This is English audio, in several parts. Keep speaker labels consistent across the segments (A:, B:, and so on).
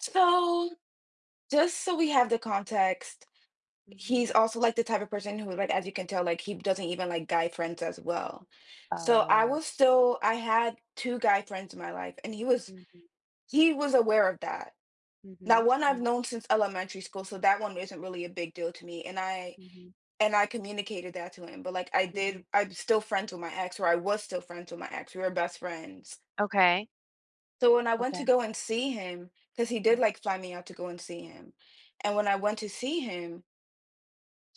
A: So, just so we have the context, he's
B: Mhm.
A: also, like, the type of person who, like as you can tell, like, he doesn't even like guy friends as well. So I
B: Oh.
A: was still I had 2 guy friends in my life, and he was
B: Mhm.
A: he was aware of that. Now,
B: Mhm,
A: one I've
B: mhm.
A: known since elementary school, so that 1 isn't really a big deal to me. And I
B: Mhm.
A: and I communicated that to him. But, like, I did
B: Mhm.
A: I'm still friends with my ex, or, I was still friends with my ex, we were best friends.
B: Okay.
A: So when I went
B: Okay.
A: to go and see him, 'cause he did,
B: Mm.
A: like, fly me out to go and see him. And when I went to see him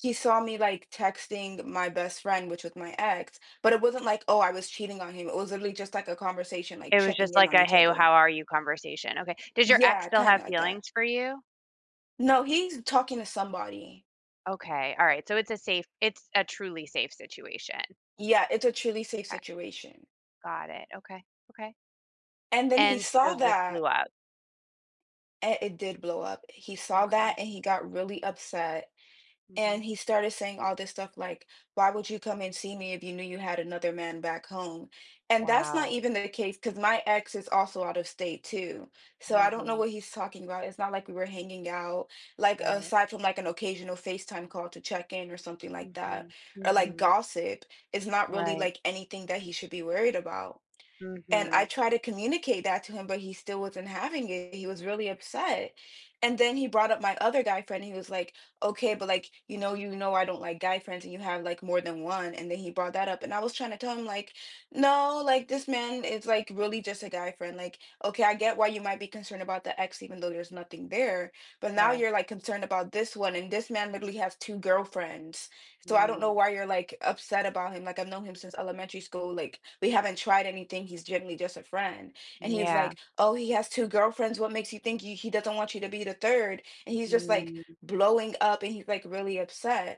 A: he saw me, like, texting my best friend, which was my ex. But it wasn't like, oh, I was cheating on him. It was literally just like a conversation, like,
B: It was
A: checking
B: just
A: in
B: like
A: on
B: a,
A: each
B: "Hey, how
A: other.
B: are you?" conversation, okay. Does your ex
A: Yeah.
B: still have
A: Kinda like that.
B: feelings for you?
A: No. He's talking to somebody.
B: Okay. Alright, so it's a safe it's a truly safe situation.
A: Yeah. It's a truly safe
B: 'Kay.
A: situation.
B: Got it, okay. Okay.
A: And then he
B: And so
A: saw
B: this blew
A: that
B: up.
A: and it did blow up. He saw
B: M'kay.
A: that, and he got really upset. And
B: Mhm.
A: he started saying all this stuff like, "Why would you come and see me if you knew you had another man back home?" And that's not
B: Wow.
A: even the case, 'cause my ex is also out of state, too. So I don't know
B: Mhm.
A: what he's talking about, it's not like we were hanging out. Like
B: Right.
A: aside from, like, an occasional FaceTime call to check-in or something like that,
B: Mhm,
A: or like
B: mhm.
A: gossip, it's not really,
B: Right.
A: like, anything that he should be worried about. And I
B: Mhm.
A: tried to communicate that to him, but he still wasn't having it, he was really upset. And then he brought up my other guy friend, he was like, "Okay. But, like, you know you know I don't like guy friends, and you have, like, more than 1." And then he brought that up, and I was trying to tell him, like, "No, like, this man is, like, really just a guy friend. Like, okay, I get why you might be concerned about the ex even though there's nothing there, but now
B: Sure.
A: you're like concerned about this one and this man literally has 2 girlfriends. So I don't know
B: Mm.
A: why you're, like, upset about him. Like, I've known him since elementary school, like, we haven't tried anything, he's generally just a friend." And he's
B: Yeah.
A: like, "Oh, he has 2 girlfriends. What makes you think he he doesn't want you to be the 3rd?" And he's just, like,
B: Hmm.
A: blowing up, and he's, like, really upset.